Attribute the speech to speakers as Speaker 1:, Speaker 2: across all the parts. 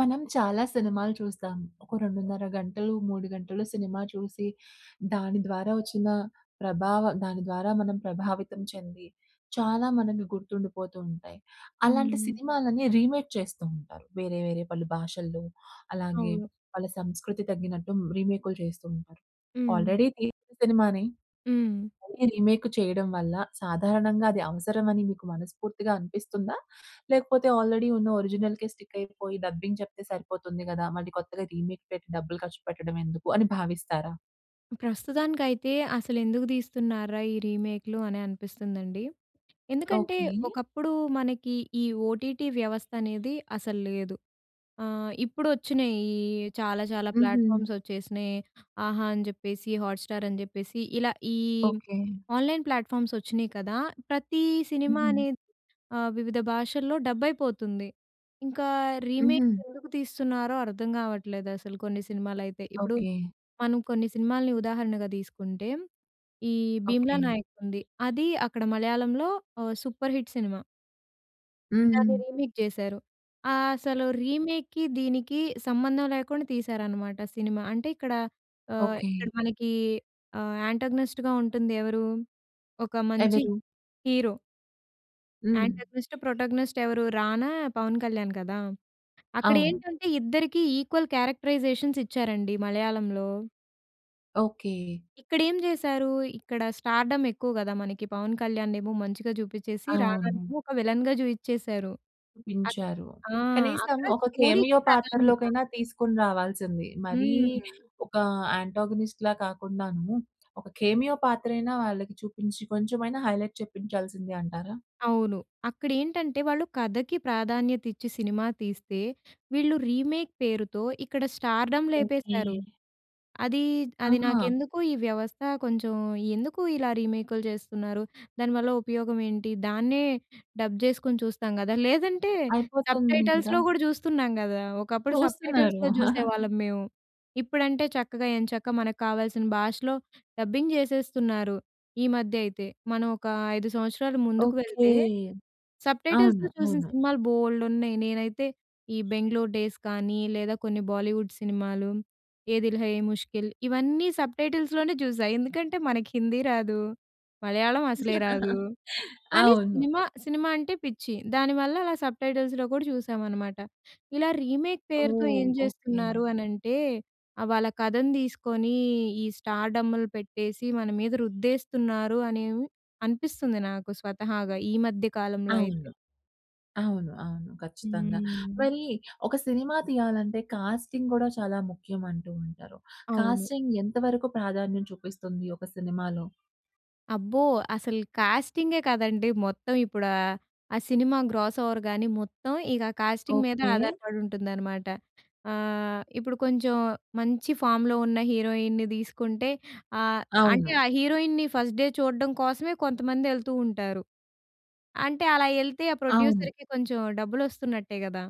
Speaker 1: మనం చాలా సినిమాలు చూస్తాం. ఒక 2.5 గంటలు, 3 గంటలు సినిమా చూసి. దాని ద్వారా వచ్చిన ప్రభావం, దాని ద్వారా మనం ప్రభావితం చెంది చాలా మనకి గుర్తుండిపోతూ ఉంటాయి. అలాంటి
Speaker 2: హ్మ్.
Speaker 1: సినిమా‌లని రీమేక్ చేస్తూ ఉంటారు. వేరే వేరే పలు భాషల్లో, అలాగే,
Speaker 2: అవును.
Speaker 1: వాళ్ళ సంస్కృతి తగ్గినట్టు రీమేక్‌లు చేస్తూ ఉంటారు.
Speaker 2: హ్మ్.
Speaker 1: ఆల్రెడీ తీసిన సినిమా‌నే,
Speaker 2: హ్మ్.
Speaker 1: మళ్ళి రీమేక్ చేయడం వల్ల సాధారణంగా అది అవసరం అని మీకు మనస్ఫూర్తిగా అనిపిస్తుందా? లేకపోతే ఆల్రెడీ ఉన్న ఒరిజినల్‌కే స్టిక్ అయిపోయి డబ్బింగ్ చెప్తే సరిపోతుంది కదా, మళ్ళీ కొత్తగా రీమేక్ పెట్టి డబ్బులు ఖర్చు పెట్టడం ఎందుకు? అని భావిస్తారా?
Speaker 2: ప్రస్తుతానికైతే అసలు ఎందుకు తీస్తున్నార్రా? ఈ రీమేక్‌లు అని అనిపిస్తుందండి. ఎందుకంటే
Speaker 1: ఓకె.
Speaker 2: ఒకప్పుడు మనకి ఈ ఓటీటీ వ్యవస్థ అనేది అసలు లేదు. ఆహ్, ఇప్పుడు వచ్చినయి ఈ చాలా చాలా
Speaker 1: హుహు.
Speaker 2: ప్లాట్ఫామ్స్ వచ్చేసినాయి. 'ఆహా' అని చెప్పేసి హాట్ స్టార్ అని చెప్పేసి ఇలా ఈ
Speaker 1: ఓకె.
Speaker 2: ఆన్‌లైన్ ప్లాట్‌ఫార్మ్స్ వచ్చినాయి కదా, ప్రతీ సినిమా
Speaker 1: హుహు.
Speaker 2: అనేది ఆహ్, వివిధ భాషల్లో డబ్ అయిపోతుంది. ఇంకా రీమేక్
Speaker 1: హుహు.
Speaker 2: ఎందుకు తీస్తున్నారో అర్థం కావట్లేదు అసలు కొన్ని సినిమాలు అయితే. ఇప్పుడు
Speaker 1: ఓకె.
Speaker 2: మనం కొన్ని సినిమా‌లని ఉదాహరణగా తీసుకుంటే, ఈ 'భీమ్‌లా
Speaker 1: ఓకె.
Speaker 2: నాయక్' ఉంది. అది అక్కడ మలయాళంలో ఓ సూపర్ హిట్ సినిమా. దాన్ని
Speaker 1: హుహు.
Speaker 2: రీమేక్ జేసారు. ఆహ్, అసలు రీమేక్‌కి, దీనికి సంబంధం లేకుండా తీశారన్నమాట సినిమా. అంటే, ఇక్కడ ఆహ్,
Speaker 1: ఓకె.
Speaker 2: ఇక్కడ మనకి ఆహ్, యాంటాగనిస్ట్‌గా ఉంటుంది ఎవరు? ఒక మంచి
Speaker 1: ఎవరు?
Speaker 2: హీరో...
Speaker 1: హ్మ్.
Speaker 2: యాంటాగనిస్ట్, ప్రోటాగోనిస్ట్ ఎవరు రానా, పవన్ కళ్యాణ్ కదా అక్కడ
Speaker 1: అవును.
Speaker 2: ఏంటంటే, ఇద్దరికీ ఈక్వల్ క్యారెక్టరైజేషన్స్ ఇచ్చారండి మలయాళంలో...
Speaker 1: ఓకె.
Speaker 2: ఇక్కడ ఏం జేసారు. ఇక్కడ స్టార్‌డమ్ ఎక్కువ కదా, మనకి పవన్ కళ్యాణ్ ఏమో మంచిగా జూపించేసి,
Speaker 1: అవును.
Speaker 2: రాణానేమో ఒక విలె‌న్‌గా జూఇచేసారు. అక్
Speaker 1: పించారు.
Speaker 2: ఆ!
Speaker 1: కనీసం
Speaker 2: అక్కడ
Speaker 1: ఒక
Speaker 2: స్టోరీ‌కి
Speaker 1: కెమియో
Speaker 2: ప్రాధాన్యత.
Speaker 1: పాత్రలోకైనా తీసుకొని రావాల్సింది. మరీ
Speaker 2: హ్మ్.
Speaker 1: ఒక యాంటాగనిస్ట్‌లా కాకుండాను ఒక, కెమియో పాత్ర అయినా వాళ్ళకి చూపించి, కొంచెమైనా హైలైట్ చెప్పించాల్సింది అంటారా?
Speaker 2: అవును. అక్కడేంటంటే, వాళ్ళు కథకి ప్రాధాన్యత ఇచ్చి సినిమా తీస్తే, వీళ్ళు రీమేక్ పేరుతో, ఇక్కడ స్టార్‌డమ్
Speaker 1: ఓకె.
Speaker 2: లేపేసారు. అది, అది
Speaker 1: ఆహా!
Speaker 2: నాకెందుకో, ఈ వ్యవస్థ కొంచెం, ఎందుకు ఇలా రీమేక్‌లు చేస్తున్నారు దానివల్ల ఉపయోగం ఏంటి, దాన్నే డబ్ జేసుకొని చూస్తాం గదా. లేదంటే,
Speaker 1: అయిపోతుంది గదా.
Speaker 2: సబ్‌టైటల్స్‌లో గూడా చూస్తున్నాం గదా, ఒకప్పుడు
Speaker 1: చూస్తున్నారు.
Speaker 2: సబ్‌టైటల్స్‌లో జూసేవాళ్ళం మేము. ఇప్పుడంటే చక్కగా, ఎంచక్కా మనకు కావాల్సిన భాషలో డబ్బింగ్ జేసేస్తున్నారు ఈ మధ్య అయితే. మనం ఒక 5 సంవత్సరాలు ముందుకు
Speaker 1: ఓకె.
Speaker 2: వెళ్తే,
Speaker 1: అవును.
Speaker 2: సబ్‌టైటిల్స్‌తో చూసిన
Speaker 1: అవును.
Speaker 2: సినిమాలు బొల్డు ఉన్నాయి. నేనైతే ఈ 'బెంగుళూరు డేస్' గానీ, లేదా కొన్ని బాలీవుడ్ సినిమాలు, 'ఏ దిల్ హై ఎ ముష్కిల్' ఇవన్నీ సబ్‌టైటిల్స్‌ లోనే చూసా. ఎందుకంటే, మనకు హిందీ రాదు, మలయాళం అసలే రాదు. కానీ
Speaker 1: అవును.
Speaker 2: సినిమా, సినిమా అంటే పిచ్చి. దానివల్ల అలా సబ్‌టైటిల్స్‌లో కూడా చూశామన్నమాట. ఇలా రీమేక్ పేరుతో
Speaker 1: ఓహ్!
Speaker 2: ఏం
Speaker 1: ఓకె.
Speaker 2: జేస్తున్నారు అనంటే, ఆహ్, వాళ్ళ కథను తీసుకొని ఈ స్టార్‌డమ్‌లు పెట్టేసి, మన మీద రుద్దేస్తున్నారు అనెమొ అనిపిస్తుంది నాకు స్వతహాగా ఈ మధ్య కాలంలో అయితే.
Speaker 1: అవును. అవును, అవును. ఖచ్చితంగా.
Speaker 2: హ్మ్.
Speaker 1: మరి ఒక సినిమా తీయాలంటే, కాస్టింగ్ కూడా చాలా ముఖ్యం అంటూ ఉంటారు.
Speaker 2: అవును.
Speaker 1: కాస్టింగ్ ఎంతవరకు ప్రాధాన్యం చూపిస్తుంది ఒక సినిమాలో?
Speaker 2: అబ్బో! అసలు కాస్టింగే కాదండీ మొత్తం ఇప్పుడు ఆహ్, ఆ సినిమా గ్రాస్‌ఓవర్‌గాని మొత్తం, ఇక కాస్టింగ్ మీద
Speaker 1: ఓకే.
Speaker 2: ఆధారపడి ఉంటుందనమాట. ఆహ్, ఇప్పుడు కొంచెం మంచి ఫామ్‌లో ఉన్న హీరోయిన్‌ని తీసుకుంటే ఆహ్ ,అంటే
Speaker 1: అవును.
Speaker 2: ఆ హీరోయిన్‌ని ఫస్ట్ డే చూడడం కోసమే కొంతమంది ఎళ్తూ ఉంటారు. అంటే, అలా ఎళ్తే ఆ
Speaker 1: అవును.
Speaker 2: ప్రొడ్యూసర్‌కి కొంచెం డబ్బులు వస్తున్నట్టే కదా!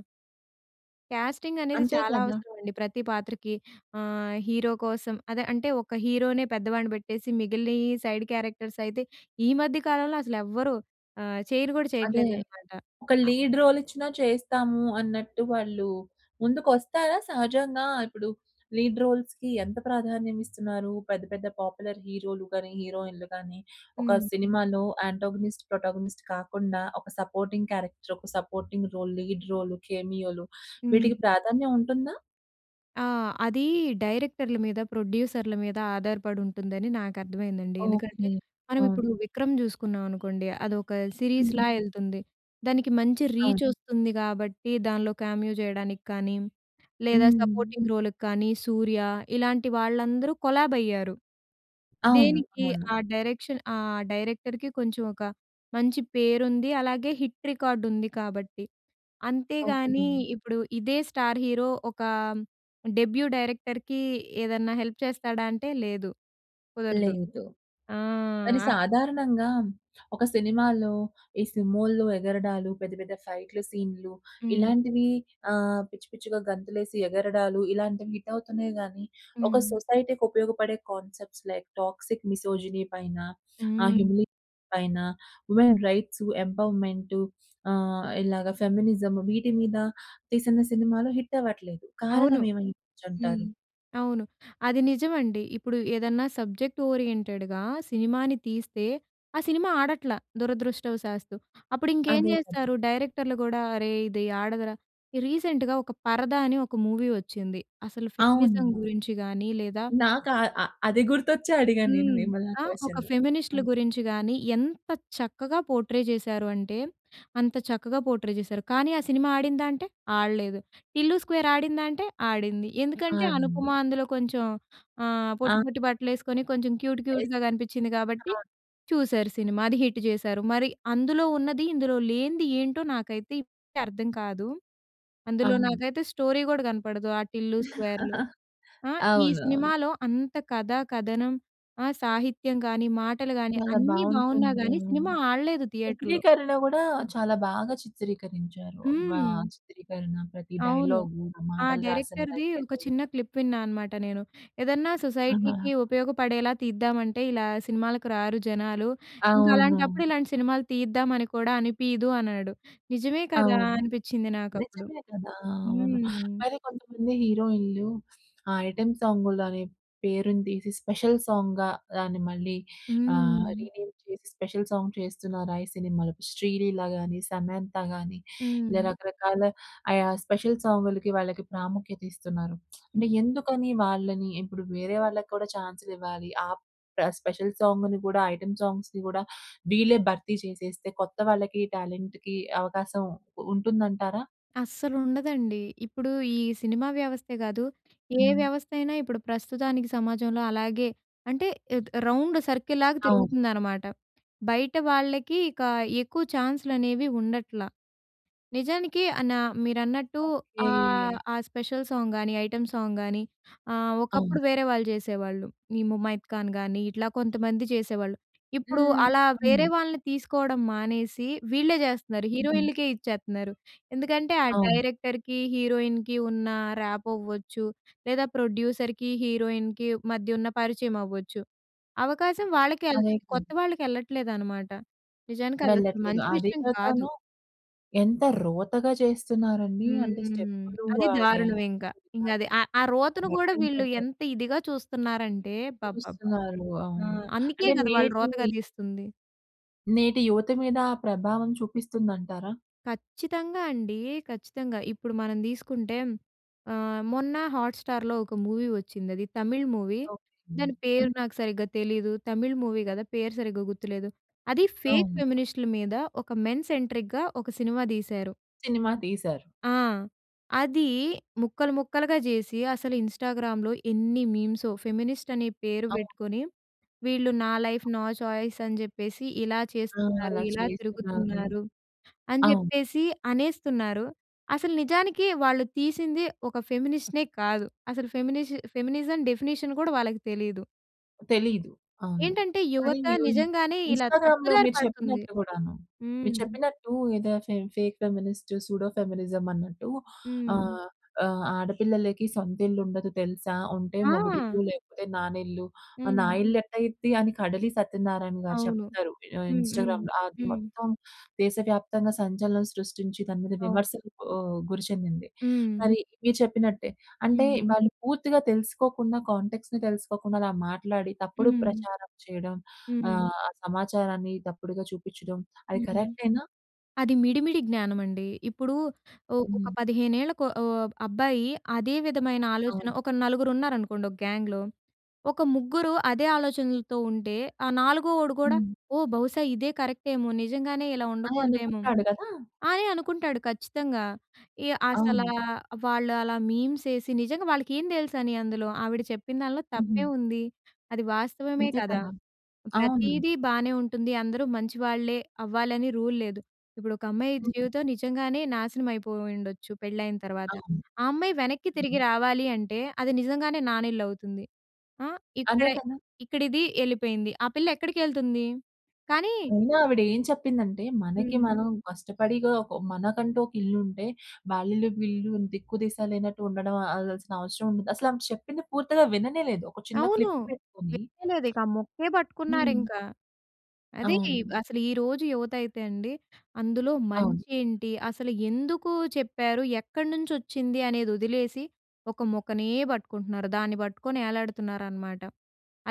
Speaker 2: కాస్టింగ్ అనేది
Speaker 1: అంతే
Speaker 2: చాలా
Speaker 1: కదా!
Speaker 2: అవసరమండి. ప్రతి పాత్రకి ఆహ్, హీరో కోసం అదే అంటే, ఒక హీరోనే పెద్దవాడిని పెట్టేసి, మిగిలినియి సైడ్ క్యారెక్టర్స్ అయితే, ఈ మధ్య కాలంలో అసలు ఎవరు ఆహ్, చెయ్యను కూడా
Speaker 1: అదే.
Speaker 2: చేయట్లేదన్నమాట.
Speaker 1: ఒక
Speaker 2: ఆ!
Speaker 1: లీడ్ రోల్ ఇచ్చినా చేస్తాము అన్నట్టు వాళ్ళు ముందుకు వస్తారా? సహజంగా ఇప్పుడు లీడ్ రోల్స్‌కి ఎంత ప్రాధాన్యం ఇస్తున్నారు పెద్ద, పెద్ద పాపులర్ హీరోలు గాని, హీరోయిన్‌లు గాని ఒక
Speaker 2: హ్మ్.
Speaker 1: సినిమాలో అంటగోనిస్ట్, ప్రోటాగోనిస్ట్ కాకుండా ఒక సపోర్టింగ్ క్యారెక్టర్, ఒక సపోర్టింగ్ రోల్, లీడ్ రోల్ కేమియో‌లు
Speaker 2: హ్మ్.
Speaker 1: వీటికి ప్రాధాన్యం ఉంటుందా?
Speaker 2: ఆ! అది డైరెక్టర్‌ల మీద, ప్రొడ్యూసర్‌ల మీద ఆధారపడి ఉంటుందని నాకు అర్థమైందండి. ఎందుకంటే,
Speaker 1: ఓకే.
Speaker 2: మనం
Speaker 1: అవును.
Speaker 2: ఇప్పుడు విక్రమ్ చూసుకున్నాం అనుకోండి, అదొక సిరీస్‌ల
Speaker 1: హూహు.
Speaker 2: ఎళ్తుంది. దానికి మంచి
Speaker 1: అవును.
Speaker 2: రీచొస్తుంది. కాబట్టి, దానిలో కామియో చేయడానికి కానీ, లేదా
Speaker 1: హ్మ్.
Speaker 2: సపోర్టింగ్ రోల్‌కి కానీ, సూర్య ఇలాంటి వాళ్ళందరూ కొలాబ్ అయ్యారు.
Speaker 1: అవును.
Speaker 2: దేనికి,
Speaker 1: అవును.
Speaker 2: ఆ డైరెక్షన్ ఆ డైరెక్టర్‌కి కొంచెం ఒక, మంచి పేరుంది అలాగే, హిట్ రికార్డుంది కాబట్టి. అంతేగాని
Speaker 1: ఓకే.
Speaker 2: ఇప్పుడు ఇదే స్టార్ హీరో, ఒక డెబ్యూ డైరెక్టర్‌కి ఏదైనా హెల్ప్ చేస్తాడా అంటే, లేదు కుదరదు.
Speaker 1: లేదు.
Speaker 2: ఆ!
Speaker 1: కానీ
Speaker 2: అప్
Speaker 1: సాధారణంగా ఒక సినిమాలో ఈ సుమోలు ఎగరడాలు, పెద్ద, పెద్ద ఫైట్లు, సీన్లు
Speaker 2: హ్మ్.
Speaker 1: ఇలాంటివి ఆహ్, పిచ్చి పిచ్చిగా గంతులేసి ఎగరడాలు ఇలాంటివి హిట్ అవుతున్నాయి గాని, ఒక
Speaker 2: హ్మ్.
Speaker 1: సొసైటీ‌కి ఉపయోగపడే కాన్సెప్ట్స్ లైక్ టాక్సిక్ మిసోజినీ పైన, ఆహ్,
Speaker 2: హ్మ్.
Speaker 1: హిమీలిక్ పైన, వుమెన్ రైట్సు, ఎంపవర్మెంటు ఆహ్, ఇలాగ ఫెమినిజం వీటి మీద తీసిన సినిమాలు హిట్ అవ్వట్లేదు.
Speaker 2: అవును.
Speaker 1: కారణం ఏమైవచ్చు
Speaker 2: హ్మ్.
Speaker 1: అంటారు?
Speaker 2: అవును. అది నిజమండి. ఇప్పుడు ఏదన్నా సబ్జెక్ట్ ఓరియెంటెడ్‌గా సినిమాని తీస్తే, ఆ సినిమా ఆడట్ల దురదృష్టవశాస్తు. అప్పుడు ఇంకేం
Speaker 1: అదే కదా.
Speaker 2: చేస్తారు డైరెక్టర్‌లు కూడా, అరే! ఇది ఆడదురా రీసెంట్‌గా ఒక 'పరద' అని ఒక మూవీ వచ్చింది. అసలు ఫెమినిజం
Speaker 1: అవునా?
Speaker 2: గురించి గాని లేదా
Speaker 1: నాకా ఆహ్, అది గుర్తొచ్చే అడిగాను నేను
Speaker 2: హ్మ్.
Speaker 1: మిమల్ని ఆ
Speaker 2: ఆ! ఒక
Speaker 1: క్వెషను. ఆ!
Speaker 2: ఫెమినిస్ట్‌‌‌లు గురించి గాని, ఎంత చక్కగా పోర్ట్రే చేశారు అంటే, అంత చక్కగా పోర్ట్రే చేశారు. కానీ, ఆ సినిమా ఆడిందా అంటే, ఆడలేదు. 'టిల్లు స్క్వేర్' ఆడిందా అంటే ఆడింది. ఎందుకంటే, అనుపమ
Speaker 1: ఆడింది.
Speaker 2: అందులో కొంచెం ఆహ్, పొట్టి,
Speaker 1: ఆ!
Speaker 2: పొట్టి బట్టలు ఏసుకొని కొంచెం క్యూట్,
Speaker 1: ఎస్.
Speaker 2: క్యూట్‌గా కనిపించింది కాబట్టి
Speaker 1: అవును.
Speaker 2: చూసారు సినిమా. అది హిట్ చేశారు. మరి అందులో ఉన్నది, ఇందులో లేనిది ఏంటో నాకైతే ఇప్పటికీ అర్థం కాదు. అందులో
Speaker 1: అవును.
Speaker 2: నాకైతే స్టోరీ కూడా కనపడదు ఆ 'టిల్లు స్క్వేర్‌లో.' ఆ! ఈ
Speaker 1: అవునవును.
Speaker 2: సినిమాలో అంత కథ, కథనం ఆ! సాహిత్యం కాని, మాటలు గాని
Speaker 1: చాలా
Speaker 2: అన్నీ బాగున్నా
Speaker 1: బాగుంటుంది.
Speaker 2: గాని,
Speaker 1: అవును.
Speaker 2: సినిమా ఆడలేదు థియేటర్‌లో.
Speaker 1: చిత్రీకరణ కూడా చాలా బాగా చిత్రీకరించారు. వా
Speaker 2: హ్మ్.
Speaker 1: చిత్రీకరణ ప్రతి
Speaker 2: అవును.
Speaker 1: డైలాగు, ఇంక
Speaker 2: ఆ
Speaker 1: మాటలు రాసిన
Speaker 2: డైరెక్టర్‌ది ఒక
Speaker 1: రచయితలు.
Speaker 2: చిన్న క్లిప్ విన్నా అన్నమాట నేను. ఏదన్నా
Speaker 1: అవునా!
Speaker 2: సొసైటీ‌కి ఉపయోగపడేలా తీద్దామంటే ఇలా సినిమాలకు రారు జనాలు, ఇంక అలాంటప్పుడు
Speaker 1: అవునవును.
Speaker 2: ఇలాంటి సినిమాలు తీద్దామని అని కూడా అనిపియదు అన్నాడు. నిజమే కదా
Speaker 1: అవును.
Speaker 2: అనిపించింది నాకు అప్పుడు.
Speaker 1: నిజమే కదా, అవును.
Speaker 2: హ్మ్.
Speaker 1: మరి కొంతమంది హీరోయిన్‌లు, ఆ ఐటెమ్ సాంగులనే పేరుని తీసి స్పెషల్ సాంగ్‌గా దాన్ని మళ్ళీ అహ్,
Speaker 2: హ్మ్.
Speaker 1: రీనేమ్ చేసి, స్పెషల్ సాంగ్ చేస్తున్నారా ఈ సినిమా‌లో. శ్రీలీల గాని, సమంతా గాని, ఇలా
Speaker 2: హ్మ్.
Speaker 1: రకరకాల ఆయా స్పెషల్ సాం‌గులకి, వాళ్ళకి ప్రాముఖ్యత ఇస్తున్నారు.
Speaker 2: హ్మ్.
Speaker 1: అంటే, ఎందుకని వాళ్ళని ఇప్పుడు వేరే వాళ్ళకి కూడా చాన్స్‌లివ్వాలి. ఆ! ప్ర స్పెషల్ సాంగుని కూడా, ఐటెమ్ సాంగ్స్‌ని కూడా, వీళ్ళే భర్తీ చేసేస్తే కొత్త వాళ్ళకి టాలెంట్‌కి అవకాశం ఉంటుంది అంటారా?
Speaker 2: అస్సలు ఉండదండి. ఇప్పుడు ఈ సినిమా వ్యవస్థే కాదు, ఏ
Speaker 1: హ్మ్.
Speaker 2: వ్యవస్థ అయినా ఇప్పుడు ప్రస్తుతానికి సమాజంలో అలాగే అంటే ఆహ్, రౌండ్ సర్కిల్ లాగా
Speaker 1: అవును.
Speaker 2: తిరుగుతుందన్నమాట. బయట వాళ్ళకి ఇక ఎక్కువ ఛాన్స్‌లనేవి ఉండట్లా. నిజానికి అన మీరన్నట్టు
Speaker 1: ఓకే.
Speaker 2: ఆహ్, ఆ! స్పెషల్ సాంగ్ గానీ, ఐటెమ్ సాంగ్ గానీ ఆహ్,
Speaker 1: అవును.
Speaker 2: ఒకప్పుడు వేరే వాళ్ళు చేసేవాళ్ళు. ఈ ముమైత్ ఖాన్ గాని ఇట్లా కొంతమంది చేసేవాళ్ళు. ఇప్పుడు
Speaker 1: హ్మ్.
Speaker 2: అలా
Speaker 1: హ్మ్.
Speaker 2: వేరే వాళ్ళని తీసుకోవడం మానేసి, వీళ్ళే చేస్తున్నారు.
Speaker 1: హుహు.
Speaker 2: హీరోయిన్‌లకే ఇచ్చేతున్నారు. ఎందుకంటే, ఆ
Speaker 1: అవును.
Speaker 2: డైరెక్టర్‌కి, హీరోయిన్‌కి ఉన్న ర్యాపో అవ్వచ్చు. లేదా, ప్రొడ్యూసర్‌కి, హీరోయిన్‌కి మధ్య ఉన్న పరిచయం అవ్వచ్చు. అవకాశం వాళ్ళకే
Speaker 1: అదే
Speaker 2: ఎళ్తుంది కొత్త
Speaker 1: కదా.
Speaker 2: వాళ్ళకి ఎళ్ళట్లేదు అనమాట. నిజానికి అది అసలు
Speaker 1: వెళ్ళట్లేదు.
Speaker 2: మంచి
Speaker 1: అది
Speaker 2: విషయం కాదు.
Speaker 1: కాకను, ఎంత రోతగా చేస్తున్నారని అంటే,
Speaker 2: హ్మ్.
Speaker 1: స్టెప్‌లు
Speaker 2: అది
Speaker 1: ఆ
Speaker 2: దారుణం
Speaker 1: డాన్స్
Speaker 2: ఇంకా.
Speaker 1: చేసే
Speaker 2: ఇంగ అది
Speaker 1: విధానం
Speaker 2: ఆహ్, ఆ
Speaker 1: ఆ
Speaker 2: రోతను కూడా
Speaker 1: మొత్తం
Speaker 2: వీళ్ళు
Speaker 1: ఫోటో
Speaker 2: ఎంత ఇదిగా చూస్తున్నారంటే, అబ్బబ్బ!
Speaker 1: చూస్తున్నారు.
Speaker 2: ఆ!
Speaker 1: అవును.
Speaker 2: అందుకే
Speaker 1: అంటే,
Speaker 2: కదా వాళ్ళు
Speaker 1: నేట్
Speaker 2: రోతగా
Speaker 1: మూవీ.
Speaker 2: తీస్తుంది.
Speaker 1: నేటి యువత మీద ఆ ప్రభావం చూపిస్తుందంటారా?
Speaker 2: ఖచ్చితంగా అండి. ఖచ్చితంగా. ఇప్పుడు మనం తీసుకుంటే ఆహ్, మొన్న హాట్‌స్టా‌ర్‌లో ఒక మూవీ వచ్చింది అది తమిళ్ మూవీ.
Speaker 1: ఓకె.
Speaker 2: దాని పేరు
Speaker 1: హ్మ్.
Speaker 2: నాకు సరిగ్గా తెలీదు. తమిళ్ మూవీ గదా! పేరు సరిగ్గా గుర్తులేదు. అది ఫేక్
Speaker 1: అవును.
Speaker 2: ఫెమినిస్ట్‌లు మీద ఒక మెన్ సెంట్రిక్‌గా ఒక సినిమా తీశారు.
Speaker 1: సినిమా తీశారు.
Speaker 2: ఆ! అదీ ముక్కలు ముక్కలుగా జేసి అసలు ఇన్‌స్టా‌గ్రా‌మ్‌లో ఏన్ని మీమ్సో ఫెమినిస్ట్ అనే పేరు
Speaker 1: అవును.
Speaker 2: పెట్టుకొని వీళ్ళు నా లైఫ్ నా చాయిస్ అని చెప్పేసి ఇలా
Speaker 1: ఆ!
Speaker 2: చేస్తున్నారు,
Speaker 1: అలా
Speaker 2: ఇలా
Speaker 1: చేస్తున్నారు.
Speaker 2: తిరుగుతున్నారు అని
Speaker 1: అవును.
Speaker 2: చెప్పేసి అనేస్తున్నారు. అసలు నిజానికి వాళ్ళు తీసింది ఒక ఫెమినిస్ట్‌నే కాదు. అసలు ఫెమినిష్ ఫెమినిజం డెఫినిషన్ కూడా వాళ్ళకి తెలీదు.
Speaker 1: తెలీదు, అవును.
Speaker 2: ఏంటంటే
Speaker 1: మరీ
Speaker 2: యువత నిజంగానే ఇలా
Speaker 1: ఇన్‌స్టాగ్రామ్‌లో
Speaker 2: తప్పుదారి
Speaker 1: మీరు
Speaker 2: పడుతుంది.
Speaker 1: చెప్పినట్టు గూడాను.
Speaker 2: హ్మ్.
Speaker 1: మీరు చెప్పినట్టు ఏదో ఫే ఫేక్ ఫెమినిస్ట్ సూడో ఫెమినిజం అన్నట్టు
Speaker 2: హ్మ్.
Speaker 1: ఆహ్, ఆహ్, ఆడపిల్లలకి సొంత ఇల్లు ఉండదు తెలుసా? ఉంటే మొగుడిల్లు
Speaker 2: ఆ!
Speaker 1: లేకపోతే నానిల్లు. నా
Speaker 2: హ్మ్.
Speaker 1: ఇల్లు ఎట్టా అయిద్ది అని కడలి సత్యనారాయణ గారు
Speaker 2: అవును.
Speaker 1: చెప్తారు ఆహ్,
Speaker 2: హ్మ్. హ్మ్.
Speaker 1: ఇన్‌స్టా‌గ్రామ్‌లో, అది
Speaker 2: హ్మ్.
Speaker 1: మొత్తం దేశవ్యాప్తంగా సంచలనం సృష్టించి దాని మీద
Speaker 2: అవును.
Speaker 1: విమర్శలు ఆహ్, గురి చెందింది.
Speaker 2: హ్మ్.
Speaker 1: మరి మీరు చెప్పినట్టే అంటే
Speaker 2: హ్మ్.
Speaker 1: వాళ్ళు పూర్తిగా తెలుసుకోకుండా కాంటా‌క్ట్స్‌ని తెలుసుకోకుండా అలా మాట్లాడి తప్పుడు
Speaker 2: హ్మ్.
Speaker 1: ప్రచారం చేయడం
Speaker 2: హ్మ్.
Speaker 1: ఆహ్, సమాచారాన్ని తప్పుడుగా చూపించడం అది
Speaker 2: హ్మ్.
Speaker 1: కరెక్టే‌నా?
Speaker 2: అది మిడి మిడి జ్ఞానమండి. ఇప్పుడూ ఒ ఒక
Speaker 1: హ్మ్.
Speaker 2: 15 ఏళ్ల కో ఓ అబ్బాయి అదే విధమైన ఆలోచన
Speaker 1: అవును.
Speaker 2: ఒక నలుగురు ఉన్నారనుకోండి, ఒక గ్యాంగ్‌లో, ఒక ముగ్గురు అదే ఆలోచనలతో ఉంటే ఆ నాలుగో‌వోడు గూడా,
Speaker 1: హ్మ్.
Speaker 2: ఓ! బహుశా ఇదే కరెక్ట్ ఏమో నిజంగానే ఇలా
Speaker 1: ఆ!
Speaker 2: ఉండకూడదేమో
Speaker 1: అనుకుంటాడు గదా!
Speaker 2: అని అనుకుంటాడు ఖచ్చితంగా. ఈ అసలా
Speaker 1: అవును.
Speaker 2: వాళ్ళు అలా మీమ్స్ ఏసి నిజంగా వాళ్ళకి ఏం తెలుసని అందులో ఆవిడ చెప్పిన దాంట్లో
Speaker 1: హుహు.
Speaker 2: తప్పేముంది. అది వాస్తవమే
Speaker 1: అంతే
Speaker 2: కదా!
Speaker 1: కదా! అవును.
Speaker 2: ప్రతీదీ బానే ఉంటుంది. అందరూ మంచి వాళ్ళే అవ్వాలని రూల్ లేదు. ఇప్పుడు ఒక అమ్మాయి
Speaker 1: హ్మ్.
Speaker 2: జీవితం నిజంగానే నాశనం అయిపోయి ఉండొచ్చు పెళ్లైన తరువాత.
Speaker 1: అవును.
Speaker 2: ఆ అమ్మాయి వెనక్కి తిరిగి రావాలి అంటే, అది నిజంగానే నానిళ్ళు అవుతుంది. ఆ! ఇక్కడ
Speaker 1: అదే కదా!
Speaker 2: ఇక్కడిది ఎళ్ళిపోయింది. ఆ పిల్ల ఎక్కడికెళ్తుంది? కానీ
Speaker 1: ముందు ఆవిడ ఏం చెప్పిందంటే, మనకి
Speaker 2: హ్మ్.
Speaker 1: మనం కష్టపడిగా ఒక మనకంటూ ఒక ఇల్లు ఉంటే వాల్లిల్లు, వీల్లిల్లు అని దిక్కు దిశ లేనట్టు ఉండ‌డం అ అదసలు అవసరం ఉండదు. అసలు ఆమె చెప్పిన పూర్తిగా విననేలేదు ఒక చిన్న
Speaker 2: అవును.
Speaker 1: క్లిప్
Speaker 2: [unintelligible]
Speaker 1: పెట్టుకొని
Speaker 2: ఇక ఆ ముక్కే
Speaker 1: హ్మ్.
Speaker 2: పట్టుకున్నారింకా. అదే
Speaker 1: అవును.
Speaker 2: అసలు ఈరోజు యువత అయితే అండి, అందులో
Speaker 1: అవును.
Speaker 2: మంచి ఏంటి? అసలు ఎందుకూ చెప్పారు? ఎక్కడినుంచొచ్చింది? అనేది వదిలేసి ఒక ముక్కనే బట్టుకుంటున్నారు. దాన్ని బట్టుకొని ఎలాడుతున్నారనమాట.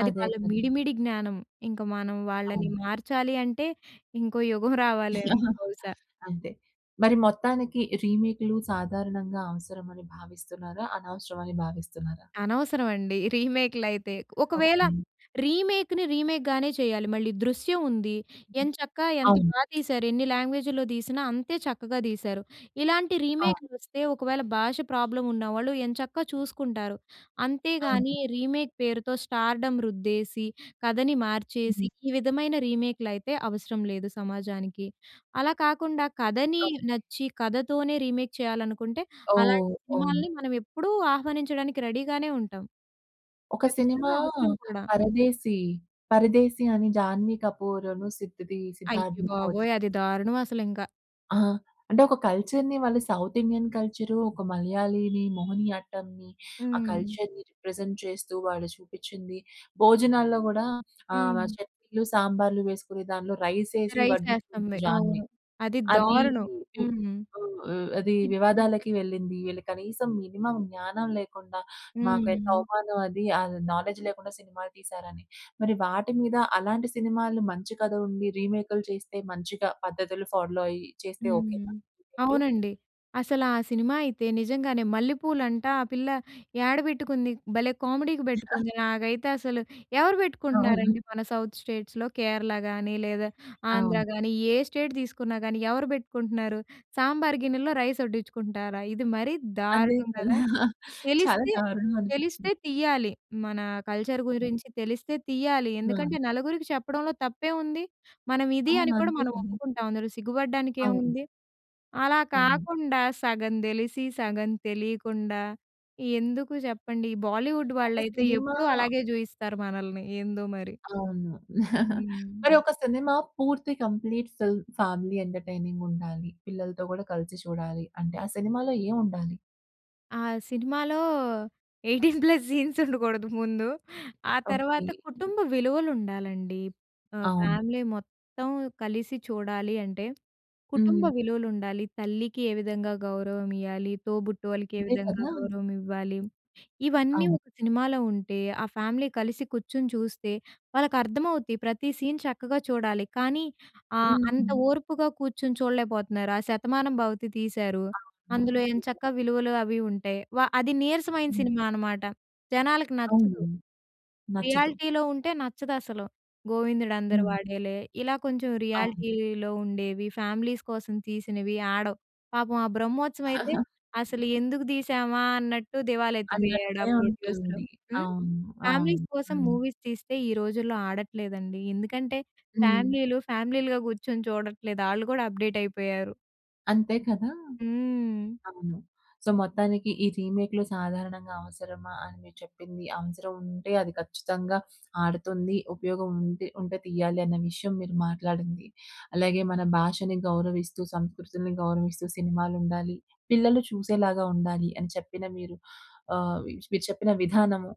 Speaker 2: అది
Speaker 1: అదే
Speaker 2: వాళ్ళ
Speaker 1: కదా!
Speaker 2: మిడి, మిడి జ్ఞానం, ఇంక మనం వాళ్ళని
Speaker 1: అవును.
Speaker 2: మార్చాలి అంటే ఇంకో యుగం రావాలేమో బహుశా.
Speaker 1: అంతే. మరి మొత్తానికి రీమేక్‌లు సాధారణంగా అవసరం అని భావిస్తున్నారా అనవసరం అని భావిస్తున్నారా?
Speaker 2: అనవసరం అండి. రీమేక్‌లైతే ఒకవేళ
Speaker 1: ఓకె.
Speaker 2: రీమేక్‌ని రీమేక్‌ గానే చేయాలి మళ్ళీ 'దృశ్యం' ఉంది. ఎంచక్కా ఎంత
Speaker 1: అవును.
Speaker 2: బా తీశారు ఎన్ని లాంగ్వేజులో తీసినా అంతే చక్కగా తీశారు. ఇలాంటి
Speaker 1: ఆ!
Speaker 2: రీమేక్‌లు వస్తే ఒకవేళ భాష ప్రాబ్లమ్ ఉన్న వాళ్ళు ఎంచక్కా చూసుకుంటారు. అంతేగాని
Speaker 1: అవును.
Speaker 2: రీమేక్ పేరుతో స్టార్‌డ‌మ్ రుద్దేసి, కథని మార్చేసి ఈ విధమైన రీమేక్‌లయితే అవసరం లేదు సమాజానికి. అలా కాకుండా కథని
Speaker 1: ఓకె.
Speaker 2: నచ్చి, కథతోనే రీమేక్ చేయాలనుకుంటే, అలాంటి
Speaker 1: ఓహ్! అవును.
Speaker 2: సినిమాలని మనం ఎప్పుడూ ఆహ్వానించడానికి రెడీ గానే ఉంటాం.
Speaker 1: ఒక సినిమా
Speaker 2: కచ్చితంగా అవసరం కూడా.
Speaker 1: "పరదేశి", "పరదేశి" అని జాన్వీ‌కపూర్‌ అను సిద్‌దీ సిద్ధార్థ్
Speaker 2: అయ్యబాబోయ్!
Speaker 1: మల్హోత్రా‌
Speaker 2: అది దారుణం అసలింక.
Speaker 1: ఆ! అంటే ఒక కల్చర్‌ని, వాళ్ళు సౌత్ ఇండియన్ కల్చరు, ఒక మలయాళీని మోహినియాట్టంని, ఆ
Speaker 2: హ్మ్.
Speaker 1: కల్చర్‌ని, రిప్రజెంట్ చేస్తూ వాళ్ళు చూపించింది. భోజనాల్లో కూడా ఆహ్,
Speaker 2: హ్మ్.
Speaker 1: చట్నీలు, సాంబార్‌లు వేసుకుని దాంట్లో రైస్ ఏసి
Speaker 2: రైస్
Speaker 1: వడ్డిస్తూ,
Speaker 2: ఏస్తంది.
Speaker 1: దాన్ని
Speaker 2: అవును. అది
Speaker 1: అది,
Speaker 2: దారుణం! హ్మ్.
Speaker 1: ఆహ్, అదీ
Speaker 2: ఇద్
Speaker 1: వివాదాలకి వెళ్ళింది. వీళ్ళు కనీసం మినిమమ్ జ్ఞానం లేకుండా, మాకెంత
Speaker 2: హ్మ్.
Speaker 1: అవమానమది. ఆహ్, నాలెడ్జ్ లేకుండా సినిమాలు తీశారని, మరి వాటి మీద అలాంటి సినిమాలు మంచి కథలుండి, రీమేక్‌లు చేస్తే మంచిగా పద్ధతులు ఫాలో అయ్యి చేస్తే, ఓకే నా?
Speaker 2: హ్మ్.
Speaker 1: [unintelligible]
Speaker 2: అవునండి. అసలా సినిమా అయితే నిజంగానే మల్లెపూలంట! ఆ పిల్ల ఏడబెట్టుకుంది? భలే కామెడీకి పెట్టుకుంది! నాకైతే అసలు ఎవరు
Speaker 1: అవును.
Speaker 2: పెట్టుకుంటున్నారండి? మన సౌత్ స్టేట్స్‌లో కేరళ గాని, లేదా ఆంధ్ర
Speaker 1: అవును.
Speaker 2: గాని, ఏ స్టేట్ తీసుకున్నా గాని, ఎవరు పెట్టుకుంటున్నారు? సాంబార్ గిన్నెలో, రైస్ వడ్డించుకుంటారా? ఇది మరీ
Speaker 1: అంతే
Speaker 2: దారుణం కదా!
Speaker 1: చాలా, చాలా
Speaker 2: తెలిస్తే, తెలిస్తే
Speaker 1: దారుణంమనిపించింది.
Speaker 2: తీయాలి. మన కల్చర్ గురించి తెలిస్తే తీయాలి. ఎందుకంటే
Speaker 1: హ్మ్.
Speaker 2: నలుగురికి చెప్పడంలో తప్పేముంది! మనం ఇది
Speaker 1: అవును.
Speaker 2: అని కూడా
Speaker 1: అంతే
Speaker 2: మనం
Speaker 1: కదా!
Speaker 2: ఒప్పుకుంటాం, అందులో
Speaker 1: అవును.
Speaker 2: సిగ్గుపడడానికేముంది! అలా
Speaker 1: అవును.
Speaker 2: కాకుండా, సగం తెలిసి, సగం తెలియకుండా, ఎందుకు చెప్పండి? ఈ బాలీవుడ్
Speaker 1: ఒక
Speaker 2: వాళ్ళైతే
Speaker 1: సినిమా
Speaker 2: ఎప్పుడూ అలాగే చూయిస్తారు మనల్ని, ఏందో మరి!
Speaker 1: అవును.
Speaker 2: హ్మ్.
Speaker 1: మరి ఒక సినిమా పూర్తి కంప్లీట్ ఫిల్మ్ ఫ్యామిలీ ఎంటర్‌టైనింగుండాలి, పిల్లలతో కూడా కలిసి చూడాలి అంటే, ఆ సినిమాలో ఏముండాలి?
Speaker 2: ఆ సినిమాలో 18 ప్లస్ సీన్స్ ఉండకూడదు ముందు. ఆ తర్వాత
Speaker 1: ఓకే.
Speaker 2: కుటుంబ విలువలు ఉండాలండి. ఆహ్,
Speaker 1: అవును.
Speaker 2: ఫ్యామిలీ మొత్తం కలిసి చూడాలి అంటే, కుటుంబ
Speaker 1: హ్మ్.
Speaker 2: విలువలు ఉండాలి. తల్లికి ఏ విధంగా గౌరవమియ్యాలి, తోబుట్టు వాళ్ళకి ఏ
Speaker 1: అంతే
Speaker 2: విధంగా
Speaker 1: కదా!
Speaker 2: గౌరవం ఇవ్వాలి. ఇవన్నీ
Speaker 1: అవును.
Speaker 2: ఒక సినిమాలో ఉంటే, ఆ ఫ్యామిలీ కలిసి కూర్చొని చూస్తే, వాళ్ళకి అర్థమవుద్ది ప్రతి సీన్ చక్కగా చూడాలి. కానీ ఆహ్, అంత
Speaker 1: హ్మ్.
Speaker 2: ఓర్పుగా కూర్చొని చూడలేకపోతున్నారు ఆ శతమానంభవతి తీశారు.
Speaker 1: అవును.
Speaker 2: అందులో ఏం చక్క
Speaker 1: నిజం.
Speaker 2: విలువలు అవి ఉంటాయి. వా అది నీరసమైన
Speaker 1: హ్మ్.
Speaker 2: సినిమా అనమాట. జనాలకి
Speaker 1: అవును.
Speaker 2: నచ్చదు.
Speaker 1: నచ్చదు.
Speaker 2: రియాలిటీలో ఉంటే నచ్చదసలు. గోవిందుడు అందరూ
Speaker 1: హ్మ్.
Speaker 2: వాడేలే ఇలా కొంచెం
Speaker 1: అవును.
Speaker 2: రియాలిటీలో ఉండేవి ఫ్యామిలీస్ కోసం తీసినవి ఆడవు. పాపం ఆ బ్రహ్మోత్సవం అయితే అసలు ఎందుకు తీసామా అన్నట్టు దివాల ఎత్తిపోయాడు
Speaker 1: అన్నట్టే
Speaker 2: ఆ ప్రొడ్యూసరు.
Speaker 1: ఉంటుంది.
Speaker 2: హ్మ్,
Speaker 1: అవును. అవును.
Speaker 2: ఫ్యామిలీస్ కోసం
Speaker 1: హ్మ్.
Speaker 2: మూవీస్ తీస్తే ఈ రోజుల్లో ఆడట్లేదండి. ఎందుకంటే
Speaker 1: హ్మ్.
Speaker 2: ఫ్యామిలీలు ఫ్యామిలీలుగా కూర్చొని చూడట్లేదు. ఆళ్ళు కూడా అప్డేట్ అయిపోయారు.
Speaker 1: అంతే కదా!
Speaker 2: హ్మ్.
Speaker 1: అవును. సో, మొత్తానికి ఈ రీమేక్‌లు సాధారణంగా అవసరమా అని మీరు చెప్పింది. అవసరం ఉంటే అది ఖచ్చితంగా ఆడుతుంది. ఉపయోగం ఉంటే, ఉంటే తీయాలి అన్న విషయం మీరు మాట్లాడింది. అలాగే మన భాషను గౌరవిస్తూ, సంస్కృతిని గౌరవిస్తూ సినిమాలు ఉండాలి. పిల్లలు చూసేలాగా ఉండాలి అని చెప్పిన మీరు ఆహ్, మీరు చెప్పిన విధానము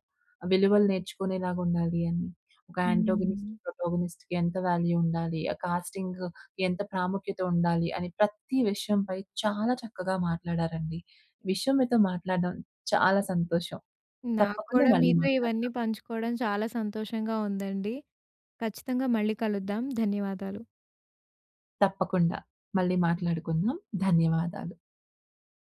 Speaker 1: విలువలు నేర్చుకునేలాగా ఉండాలి అని. ఒక ఆంటోగోనిస్ట్,
Speaker 2: హ్మ్.
Speaker 1: ప్రోటోగోనిస్ట్‌కి ఎంత వాల్యూ ఉండాలి, ఆ కాస్టింగ్ ఎంత ప్రాముఖ్యత ఉండాలి. అని ప్రతి విషయం పై చాలా చక్కగా మాట్లాడారండి. విషయం మీతో మాట్లాడడం చాలా సంతోషం. తప్పకుండా
Speaker 2: నాక్కూడా
Speaker 1: మళ్ళీ
Speaker 2: మీతో
Speaker 1: మాట్లాడతా.
Speaker 2: ఇవన్నీ పంచుకోడం చాలా సంతోషంగా ఉందండి. ఖచ్చితంగా మళ్ళీ కలుద్దాం. ధన్యవాదాలు.
Speaker 1: తప్పకుండా. మళ్ళీ మాట్లాడుకుందాం. ధన్యవాదాలు.